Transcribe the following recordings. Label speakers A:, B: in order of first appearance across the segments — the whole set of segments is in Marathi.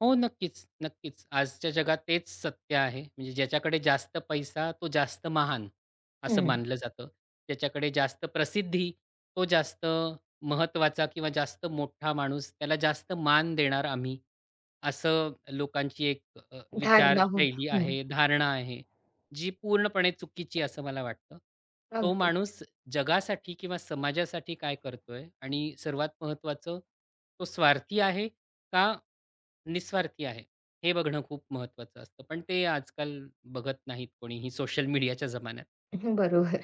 A: हो, नक्कीच, नक्कीच, आजच्या जगात तेच सत्य आहे. म्हणजे ज्याच्याकडे जास्त पैसा तो जास्त महान, असं
B: हं.
A: मानलं जातं. ज्याच्याकडे जास्त प्रसिद्धी तो जास्त महत्त्वाचा किंवा जास्त मोठा माणूस. त्याला जास्त मान देणार आम्ही, असं लोकांची एक अ,
B: धारणा होऊन,
A: विचारशैली
B: हं.
A: आहे, धारणा आहे. जी पूर्णपणे चुकीची आहे असं मला वाटतं. तो
B: अगदीच.
A: माणूस जगासाठी किंवा समाजासाठी काय करतोय आणि सर्वात महत्त्वाचं तो स्वार्थी आहे का निस्वार्थी आहे, हे बघणं खूप महत्त्वाचं असतं. पण ते आजकाल बघत नाहीत कोणीही सोशल मीडियाच्या जमान्यात.
B: हं, बरोबर.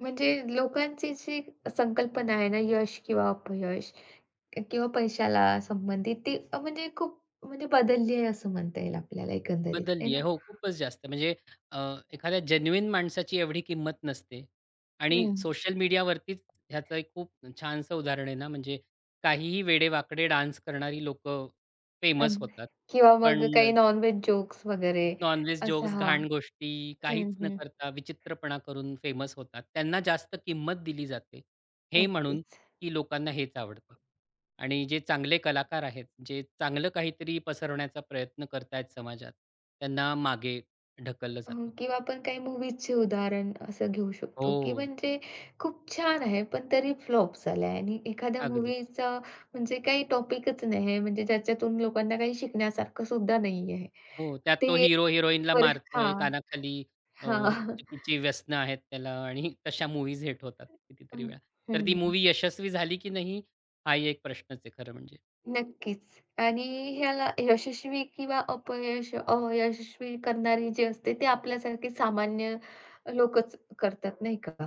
B: म्हणजे लोकांची जी संकल्पना आहे ना, यश किंवा अपयश क किंवा पैशाला संबंधित ती अ, म्हणजे खूप म्हणजे बदलली आहे असं म्हणता येईल आपल्याला एकंदरीत आहे
A: बदलली आहे.
B: ना.
A: हो, खूपच जास्त. म्हणजे अ, एखाद्या जेन्युइन माणसाची एवढी किंमत नसते आणि
B: हं.
A: सोशल मीडियावरतीच ह्याचं एक खूप छानसं उदाहरण आहे ना म्हणजे काहीही वेडेवाकडे डान्स करणारी लोकं फेमस
B: अगदी
A: होतात
B: किंवा मग
A: पण
B: अ, काही नॉनव्हेज जोक्स वगैरे,
A: नॉनव्हेज
B: असं
A: जोक्स,
B: हां,
A: घाण गोष्टी,
B: हं,
A: काहीच न
B: हं.
A: करता विचित्रपणा करून फेमस होतात. त्यांना जास्त किंमत दिली जाते, हे म्हणून
B: अगदीच.
A: की लोकांना हेच आवडतं आणि जे चांगले कलाकार आहेत, जे चांगलं काहीतरी पसरवण्याचा प्रयत्न करतायत समाजात, त्यांना मागे ढकललं
B: हं,
A: जातं.
B: किंवा आपण काही मूव्हीजची उदाहरणं असं घेऊ शकतो, की
A: हो.
B: म्हणजे खूप छान आहे पण तरी फ्लॉप झाला आहे आणि एखाद्या
A: अगदी.
B: मूव्हीचा म्हणजे काही टॉपिकच नाही आहे म्हणजे ज्याच्यातून लोकांना काही शिकण्यासारखं सुद्धा नाहीये
A: हो, त्यात तो
B: ते
A: हिरो हिरोईनला
B: [unintelligible]
A: मारतोय
B: हां,
A: कानाखाली, अ, हे
B: हां.
A: चुकीची व्यसनं आहेत त्याला आणि तशा मूव्हीज हिट होतात
B: अ, हं,
A: कितीतरी वेळा. तर ती
B: हं.
A: मूव्ही यशस्वी झाली की नाही, हाही एक प्रश्नच आहे खरं म्हणजे.
B: नक्कीच आणि ह्याला यशस्वी किंवा अपयश अयशस्वी करणारे जे असते ते आपल्यासारखे सामान्य लोकच करतात. नाही का?